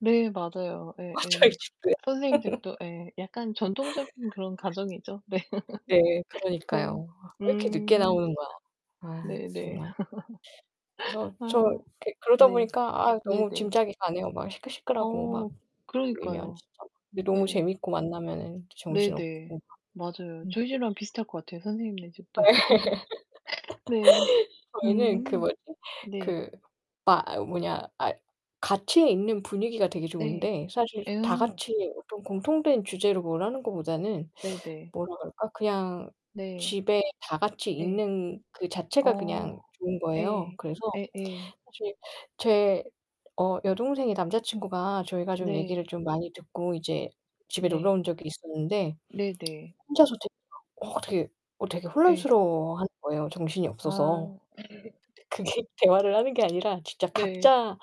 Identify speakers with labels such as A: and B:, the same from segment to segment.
A: 네. 맞아요.
B: 아, 저희
A: 예예.
B: 집도요.
A: 선생님댁도 예 약간 전통적인 그런 가정이죠. 네.
B: 네.
A: 네.
B: 그러니까요. 아 왜 이렇게 늦게
A: 음.
B: 나오는 거야. 아,
A: 네네.
B: 정말. 그래서 저
A: 아.
B: 이렇게 그러다
A: 네.
B: 보니까 아
A: 네네.
B: 너무 짐작이 가네요. 막 시끌시끌하고 막
A: 어.
B: 모이면
A: 그러니까요.
B: 진짜 근데 너무
A: 네.
B: 재밌고 만나면은 또
A: 네네.
B: 정신없고.
A: 맞아요.
B: 음.
A: 저희 집이랑 비슷할 것 같아요 선생님네
B: 예.
A: 집도. 네.
B: 저희는 그
A: 음.
B: 뭐지?
A: 네.
B: 그 아 으 뭐냐. 아 같이 있는 분위기가 되게
A: 네.
B: 좋은데 사실 다
A: 예어.
B: 같이 어떤 공통된 주제로 뭘 하는 거보다는
A: 네네.
B: 뭐라 그럴까 그냥
A: 네.
B: 집에 다 같이
A: 예.
B: 있는 그 자체가 그냥
A: 어,
B: 좋은 거예요.
A: 예.
B: 그래서
A: 예 예.
B: 사실 제 어 여동생의 남자 친구가 저희가 좀
A: 네.
B: 얘기를 좀 많이 듣고 이제 집에 놀러
A: 네.
B: 온 적이 있었는데
A: 네, 네.
B: 혼자서 되 어 어 되게 어 되게
A: 예.
B: 혼란스러워하는 거예요 정신이 없어서.
A: 아.
B: 그게 대화를 하는 게 아니라 진짜
A: 네.
B: 각자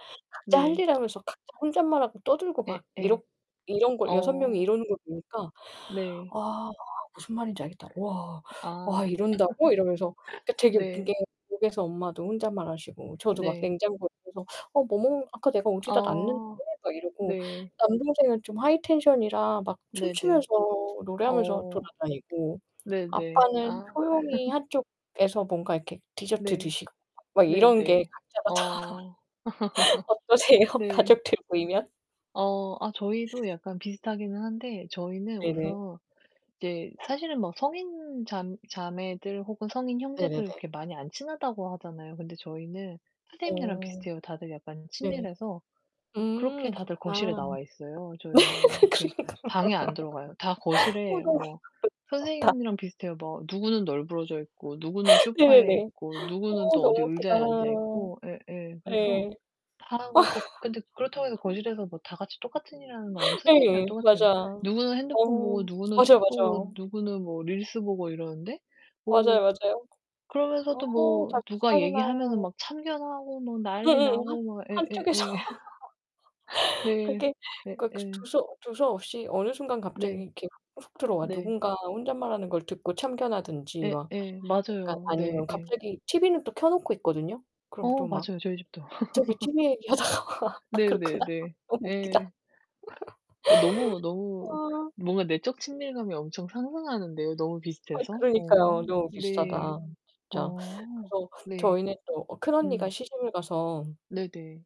A: 네.
B: 각자 할
A: 네.
B: 일 하면서 각자 혼잣말하고 떠들고 막
A: 예예.
B: 이렇 이런 걸 6 명이
A: 어.
B: 이러는 걸 보니까
A: 네.
B: "와. 무슨 말인지 알겠다. 와.
A: 아.
B: 와. 이런다고?" 이러면서 그러니까 되게 웃긴 게
A: 네.
B: 집에서 엄마도 혼잣말하시고 저도 막
A: 네.
B: 냉장고 옆에서 "아, 뭐 먹는 아까 내가 어디다 놨는데."
A: 아.
B: 막 이러고
A: 네.
B: 남동생은 좀 하이 텐션이라 막
A: 네네.
B: 춤추면서 노래하면서
A: 어,
B: 돌아다니고
A: 네네.
B: 아빠는
A: 아.
B: 조용히 한쪽에서 뭔가 이렇게 디저트
A: 네.
B: 드시고 막, 막 이런 게
A: 네네.
B: 각자가 다.
A: 어.
B: 어떠세요?
A: 네.
B: 가족들 모이면?
A: 어. 아 저희도 약간 비슷하기는 한데 저희는
B: 네네.
A: 우선 이제 사실은 뭐 성인 잠 자매들 혹은 성인 형제들
B: 네네네.
A: 이렇게 많이 안 친하다고 하잖아요. 근데 저희는 선생님네랑
B: 어.
A: 비슷해요 다들 약간
B: 네.
A: 친밀해서. 그렇게
B: 음,
A: 다들 거실에
B: 그렇구나.
A: 나와 있어요, 저희는. 이렇게
B: 그러니까.
A: 방에 안 들어가요. 다 거실에
B: 뭔가 어 음.
A: 뭐
B: 저 어 다
A: 선생님이랑 비슷해요. 뭐 누구는 널브러져 있고 누구는 소파에
B: 네네네.
A: 있고 누구는
B: 어
A: 또 어디
B: 너무 웃기다.
A: 의자에 앉아 있고. 예예. 그래서
B: 예.
A: 다 그렇게 근데 그렇다고 해서 거실에서 뭐 다 같이 똑같은 일을 하는 거 아니고 선생님이랑
B: 예. 맞아.
A: 똑같아요. 누구는 핸드폰
B: 어.
A: 보고 누구는
B: 맞아요,
A: 책 보고
B: 맞아요.
A: 누구는 뭐 릴스 보고 이러는데 뭐
B: 맞아요, 맞아요.
A: 그러면서도
B: 어
A: 뭐
B: 다
A: 누가
B: 비슷하구나.
A: 얘기하면은 막 참견하고 뭐 난리
B: 응응응. 하
A: 나고 막. 예예예.
B: 한쪽에서
A: 네.
B: 그게
A: 네
B: 극스 그
A: 예.
B: 두서 두서없이 어느 순간 갑자기
A: 네.
B: 이렇게 훅 들어와.
A: 네.
B: 누군가 혼잣말하는 걸 듣고 참견하든지
A: 예
B: 막
A: 예.
B: 약간
A: 맞아요. 네
B: 아니면
A: 예.
B: 갑자기 TV는 또 켜 놓고 있거든요. 그럼
A: 어
B: 또 막
A: 맞아요. 저희 집도.
B: 갑자기 TV 얘기하다가 아 그렇구나.
A: 네네네.
B: 너무 웃기다.
A: 예. 어 너무, 너무
B: 아.
A: 뭔가 내적 친밀감이 엄청 상승하는데요 너무
B: 아,
A: 비슷해서. 어
B: 그러니까요. 너무
A: 네.
B: 비슷하다 진짜.
A: 어
B: 그래서
A: 네.
B: 저희는 또 어 큰언니가
A: 음.
B: 시집을 가서
A: 네네.